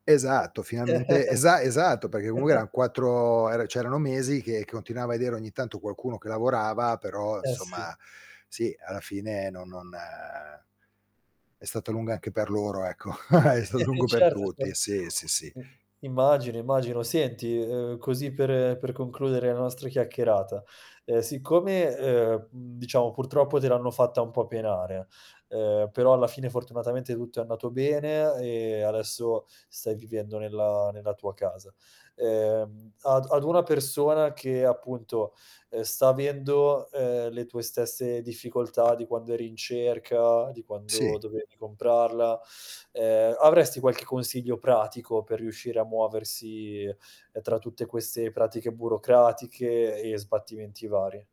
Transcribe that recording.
Esatto, finalmente esa esatto, perché eran 4 ehm, cioè erano mesi che che continuava a vedere ogni tanto qualcuno che lavorava, però Eh, sì. insomma, sì, alla fine no non è stata lunga anche per loro, ecco. È stato Eh, lungo per certo tutti, sì, sì, sì. [unintelligible] immagino, immagino. Senti, uhm, così per, ehm, per concludere la nostra chiacchierata. Ehm, siccome, ehm, mhmm, diciamo purtroppo te l'hanno fatta un po' penare, uhm, però alla fine fortunatamente tutto è andato bene e adesso stai vivendo nella nella tua casa. Ehm, ad ad una persona che appunto, uhm, sta avendo, ehm, le tue stesse difficoltà di quando eri in cerca, di quando Sì. dovevi comprarla. Ehm, avresti qualche consiglio pratico per riuscire a muoversi, uhm, tra tutte queste pratiche burocratiche e sbattimenti vari?